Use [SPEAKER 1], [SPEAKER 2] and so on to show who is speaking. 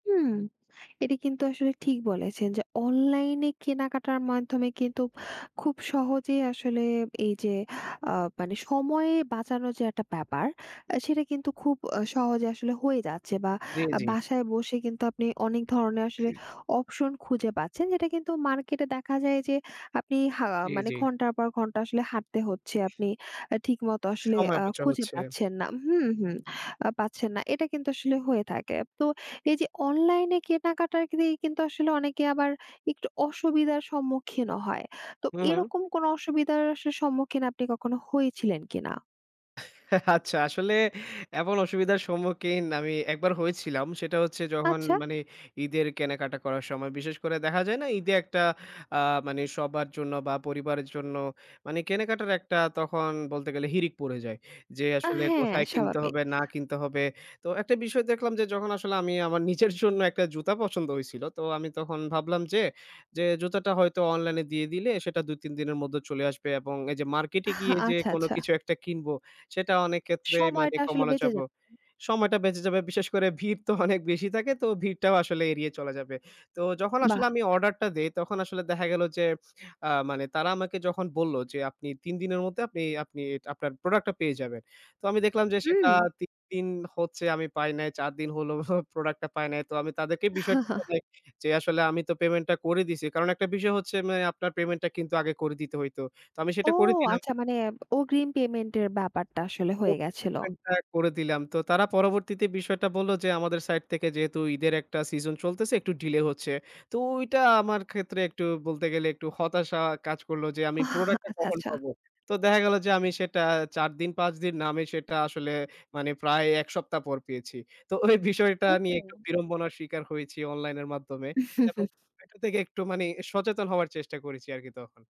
[SPEAKER 1] হুম। এটা কিন্তু আসলে ঠিক বলেছেন যে অনলাইনে কেনাকাটার মাধ্যমে কিন্তু খুব সহজে আসলে এইযে, অ্যা মানে সময়ে বাঁচানো যে একটা ব্যাপার, আ সেটা কিন্তু খুব সহজে আসলে হয়ে যাচ্ছে বা
[SPEAKER 2] জ্বী,
[SPEAKER 1] আ
[SPEAKER 2] জ্বী।
[SPEAKER 1] বাসায় বসে কিন্তু আপনি অনেক ধরনের আসলে অপশন খুঁজে পাচ্ছেন, যেটা কিন্তু মার্কেটে দেখা যায় যে আপনি হা অ্যা
[SPEAKER 2] জ্বী,
[SPEAKER 1] মানে
[SPEAKER 2] জ্বী।
[SPEAKER 1] ঘন্টার পর ঘন্টা আসলে হাঁটতে হচ্ছে, আপনি আ ঠিকমত আসলে
[SPEAKER 2] সময়
[SPEAKER 1] অ্যা
[SPEAKER 2] অপচয়
[SPEAKER 1] খুঁজে
[SPEAKER 2] হচ্ছে।
[SPEAKER 1] পাচ্ছেন না হুম, হুম, আ পাচ্ছেন না। এটা কিন্তু আসলে হয়ে থাকে। তো এইযে অনলাইনে কেনাকাটার দিয়ে কিন্তু আসলে অনেকে আবার একটু অসুবিধার সম্মুখীনও হয়। তো
[SPEAKER 2] হুম, হুম।
[SPEAKER 1] এরকম কোনো অসুবিধার আসলে সম্মুখীন আপনি কখনো হয়েছিলেন কিনা?
[SPEAKER 2] আচ্ছা, আসলে এমন অসুবিধার সম্মুখীন আমি একবার হয়েছিলাম। সেটা হচ্ছে যখন
[SPEAKER 1] আচ্ছা।
[SPEAKER 2] মানে ঈদের কেনাকাটা করার সময়। বিশেষ করে দেখা যায় না ঈদে একটা অ্যা মানে সবার জন্য বা পরিবারের জন্য মানে কেনাকাটার একটা তখন বলতে গেলে হিড়িক পড়ে যায়। যে
[SPEAKER 1] আ
[SPEAKER 2] আসলে
[SPEAKER 1] হ্যাঁ,
[SPEAKER 2] কোথায় কিনতে
[SPEAKER 1] স্বাভাবিক।
[SPEAKER 2] হবে, না কিনতে হবে? তো একটা বিষয় দেখলাম যে যখন আসলে আমি আমার নিজের জন্য একটা জুতা পছন্দ হইছিল। তো আমি তখন ভাবলাম যে, যে "জুতাটা হয়তো অনলাইনে দিয়ে দিলে, সেটা ২-৩ দিনের মধ্যে চলে আসবে" এবং এই যে মার্কেটে গিয়ে যে
[SPEAKER 1] আচ্ছা,
[SPEAKER 2] কোনো
[SPEAKER 1] আচ্ছা।
[SPEAKER 2] কিছু একটা কিনবো, সেটা অনেকক্ষেত্রে মানে
[SPEAKER 1] সময়টা আসলে
[SPEAKER 2] কমানো
[SPEAKER 1] বেঁচে
[SPEAKER 2] যাবো
[SPEAKER 1] যাব
[SPEAKER 2] সময়টা বেঁচে যাবে। বিশেষ করে ভিড় তো অনেক বেশি থাকে, তো ভিড়টাও আসলে এড়িয়ে চলে যাবে। তো যখন আসলে
[SPEAKER 1] বাহ!
[SPEAKER 2] আমি অর্ডার টা দেই, তখন আসলে দেখা গেল যে অ্যা মানে তারা আমাকে যখন বললো যে, "আপনি ৩ দিনের মধ্যে আপনি আপনি আপনার প্রোডাক্টটা পেয়ে যাবেন।" তো আমি দেখলাম যে সেটা
[SPEAKER 1] হুম।
[SPEAKER 2] ৩ দিন হচ্ছে আমি পাই নাই। ৪ দিন হলো প্রোডাক্টটা পাই নাই। তো আমি তাদেরকে বিষয়টা জানাই যে, আসলে আমি তো পেমেন্টটা করে দিছি। কারণ একটা বিষয় হচ্ছে, মানে আপনার পেমেন্ট টা কিন্তু আগে করে দিতে হইত। তো আমি
[SPEAKER 1] ও!
[SPEAKER 2] সেটা করে দিলাম
[SPEAKER 1] আচ্ছা। মানে অগ্রিম পেমেন্টের ব্যাপারটা আসলে
[SPEAKER 2] ও
[SPEAKER 1] হয়ে গেছিল।
[SPEAKER 2] পেমেন্টটা করে দিলাম। তো তারা পরবর্তীতে বিষয়টা বলল যে, "আমাদের সাইড থেকে যেহেতু ঈদের একটা সিজন চলতেছে, একটু ডিলে হচ্ছে।" তো ওইটা আমার ক্ষেত্রে একটু বলতে গেলে একটু হতাশা কাজ করলো যে, "আমি
[SPEAKER 1] আহ!
[SPEAKER 2] প্রোডাক্ট টা
[SPEAKER 1] আচ্ছা,
[SPEAKER 2] কখন
[SPEAKER 1] আচ্ছা।
[SPEAKER 2] পাবো?" তো দেখা গেল যে আমি সেটা ৪ দিন, ৫ দিন না। আমি সেটা আসলে মানে প্রায় ১ সপ্তাহ পর পেয়েছি। তো ওই বিষয়টা নিয়ে একটু
[SPEAKER 1] ও!
[SPEAKER 2] বিড়ম্বনার স্বীকার হয়েছি অনলাইনের মাধ্যমে। এবং এটা থেকে একটু মানে সচেতন হওয়ার চেষ্টা করেছি আরকি তখন।